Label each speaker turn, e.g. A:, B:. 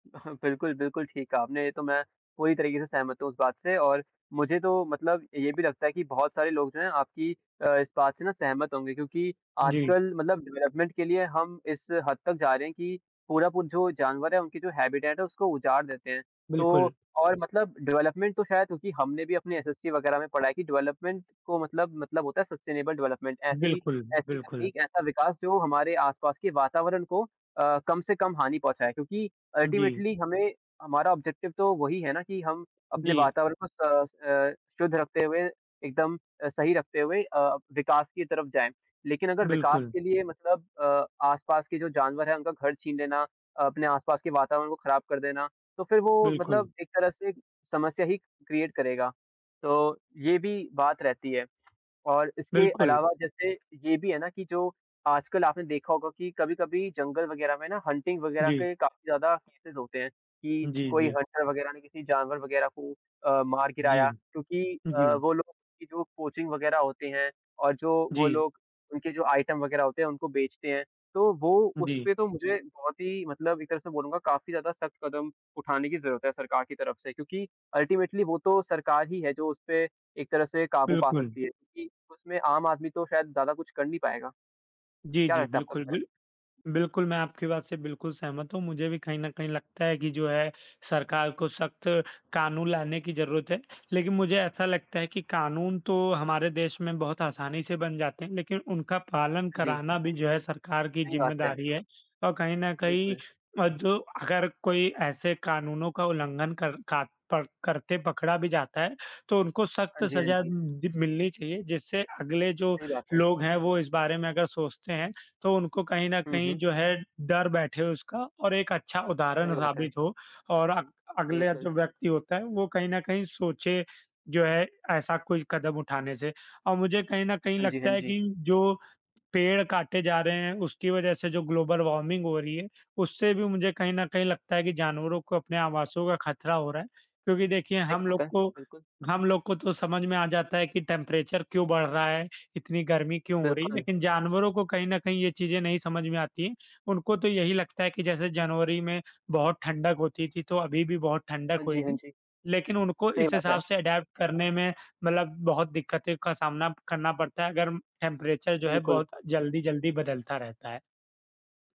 A: अह, बिल्कुल, बिल्कुल ठीक कहा आपने ये तो मैं पूरी तरीके से सहमत हूँ, इस बात से और मुझे तो मतलब ये भी लगता है कि बहुत सारे लोग जो हैं आपकी अ, इस बात से ना सहमत होंगे, क्योंकि
B: जी।
A: आजकल मतलब डेवलपमेंट के लिए हम इस हद तक जा रहे हैं, कि पूरा पू जो जानवर है, उनकी जो हैबिटैट उसको उजाड़ देते हैं। तो
B: बिल्कुल।
A: और मतलब डेवलपमेंट तो ख़ैर क्योंकि हमने भी अपने एसएसटी वग़ैरह में पढ़ा है कि डेवलपमेंट तो मतलब, मतलब होता है सस्टेनेबल डेवलपमेंट ऐसी,
B: बिल्कुल,
A: ऐसी
B: बिल्कुल।
A: तकनीक, ऐसा विकास जो हमारे आस-पास के वातावरण को अ, कम से कम हानि पहुँचाएँ। क्योंकि
B: उ, जी।
A: अल्टीमेटली हमें हमारा ऑब्जेक्टिव तो वही है ना कि हम अपने
B: जी।
A: वातावरण को स अ, शुद्ध रखते हुए एकदम अ, सही रखते हुए अ, विकास की तरफ जाएँ। लेकिन अगर विकास
B: बिल्कुल।
A: के लिए मतलब अ, आस-पास के जो जानवर हैं, उनका घर छीन लेना, अपने आस-पास के वातावरण को खराब कर देना, तो फिर वो
B: बिल्कुल।
A: मतलब एक तरह से समस्या ही क्रिएट करेगा, तो ये भी बात रहती है। और इसके
B: बिल्कुल।
A: अलावा जैसे ये भी है ना कि जो आजकल आपने देखा होगा कि कभी-कभी जंगल वग़ैरह में ना हंटिंग वग़ैरह
B: जी।
A: के काफ़ी ज़्यादा केसेस होते हैं, कि
B: जी,
A: कोई
B: जी।
A: हंटर वग़ैरह ने किसी जानवर वग़ैरह को अ, मार
B: जी,
A: गिराया क्योंकि अ,
B: जी।
A: वो लोग की जो कोचिंग वग़ैरह होते हैं और जो वो
B: जी।
A: लोग उनके जो आइटम वग़ैरह होते हैं, उनको बेचते हैं। तो वो
B: जी।
A: उसपे तो मुझे बहुत ही मतलब एक तरह से बोलूँगा काफ़ी ज़्यादा सख्त कदम उठाने की ज़रूरत है सरकार की तरफ से क्योंकि अल्टीमेटली वो तो सरकार ही है, जो उसपे एक तरह से काबू पा
B: बिल्कुल।
A: सकती है, क्योंकि उसमें आम आदमी तो शायद ज़्यादा कुछ कर नहीं पाएगा,
B: जी,
A: क्या
B: जी,
A: लगता है आप
B: बिल्कुल,
A: [unintelligible]
B: बिल बिल्कुल मैं आपकी बात से बिल्कुल सहमत हूँ, मुझे भी कहीं न कहीं लगता है कि जो है, सरकार को सख्त कानून लाने की जरूरत है। लेकिन मुझे ऐसा लगता है कि कानून तो हमारे देश में बहुत आसानी से बन जाते हैं, लेकिन उनका पालन
A: हाँ, जी।
B: कराना भी जो है सरकार की
A: सही बात है।
B: जिम्मेदारी है अ, कहीं न कहीं
A: बिल्कुल।
B: अ, जो अगर कोई ऐसे कानूनों का उल्लंघन कर का प करते पकड़ा भी जाता है, तो उनको सख्त
A: हाँ जी, हाँ
B: सजा
A: जी।
B: दि मिलनी चाहिए। जिससे अगले जो
A: सही बात है।
B: लोग हैं, वो इस बारे में अगर सोचते हैं तो उनको कहीं न
A: हुँ,
B: कहीं
A: हुँ।
B: जो है, डर बैठे उसका और एक अच्छा उदाहरण
A: सही बात है।
B: साबित हो और अग अगला
A: बिल्कुल।
B: जो व्यक्ति होता है वो कहीं न कहीं सोचे जो है, ऐसा कोई कदम उठाने से। और मुझे कहीं न कहीं
A: हाँ जी, हाँ
B: लगता है
A: जी।
B: कि जो पेड़ काटे जा रहे हैं, उसकी वज़ह से जो ग्लोबल वार्मिंग हो रही है, उससे भी मुझे कहीं न कहीं लगता है कि जानवरों को अपने आवासों का खतरा हो रहा है, क्योंकि देखिए
A: सही
B: हम लोग
A: बात है।
B: को
A: बिल्कुल।
B: हम लोग को तो समझ में आ जाता है कि टेम्परेचर क्यों बढ़ रहा है, इतनी गर्मी क्यों हो रही है,
A: बिल्कुल।
B: लेकिन जानवरों को कहीं न कहीं ये चीज़ें नहीं समझ में आती हैं। उनको तो यही लगता है कि जैसे जनवरी में बहुत ठंडक होती थी, तो अभी भी बहुत ठंडक
A: हाँ जी, हाँ
B: होएगी।
A: जी।
B: लेकिन उनको
A: सही
B: इस
A: बात है।
B: हिसाब से अडॉप्ट करने में मतलब बहुत दिक्कतें का सामना करना पड़ता है अगर टेम्परेचर जो है,
A: बिल्कुल।
B: बहुत जल्दी-जल्दी बदलता रहता है।